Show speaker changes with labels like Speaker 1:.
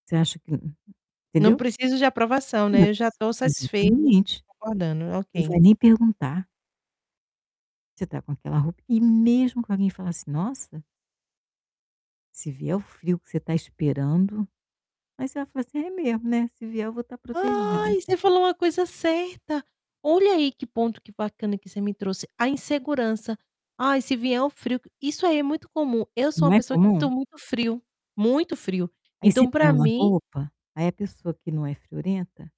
Speaker 1: Você acha que
Speaker 2: Não
Speaker 1: entendeu?
Speaker 2: preciso de aprovação,
Speaker 1: Não,
Speaker 2: né, eu já estou
Speaker 1: exa
Speaker 2: satisfei
Speaker 1: exatamente.
Speaker 2: concordando, né,
Speaker 1: Não
Speaker 2: ok.
Speaker 1: vai nem perguntar. Você está com aquela roupa e mesmo que alguém fala assim: "Nossa" "se vier o frio que você está esperando", aí você vai falar assim: "É mesmo, né, se vier eu vou estar protegida".
Speaker 2: Ai, você falou uma coisa certa, olha aí que ponto que bacana que você me trouxe, a insegurança, "ai, se vier o frio", isso aí é muito comum. Eu sou uma
Speaker 1: Não é
Speaker 2: pessoa que sinto
Speaker 1: comum?
Speaker 2: muito frio, muito frio,
Speaker 1: Aí você
Speaker 2: então,
Speaker 1: põe
Speaker 2: para
Speaker 1: uma
Speaker 2: mim
Speaker 1: roupa, aí a pessoa que não é friorenta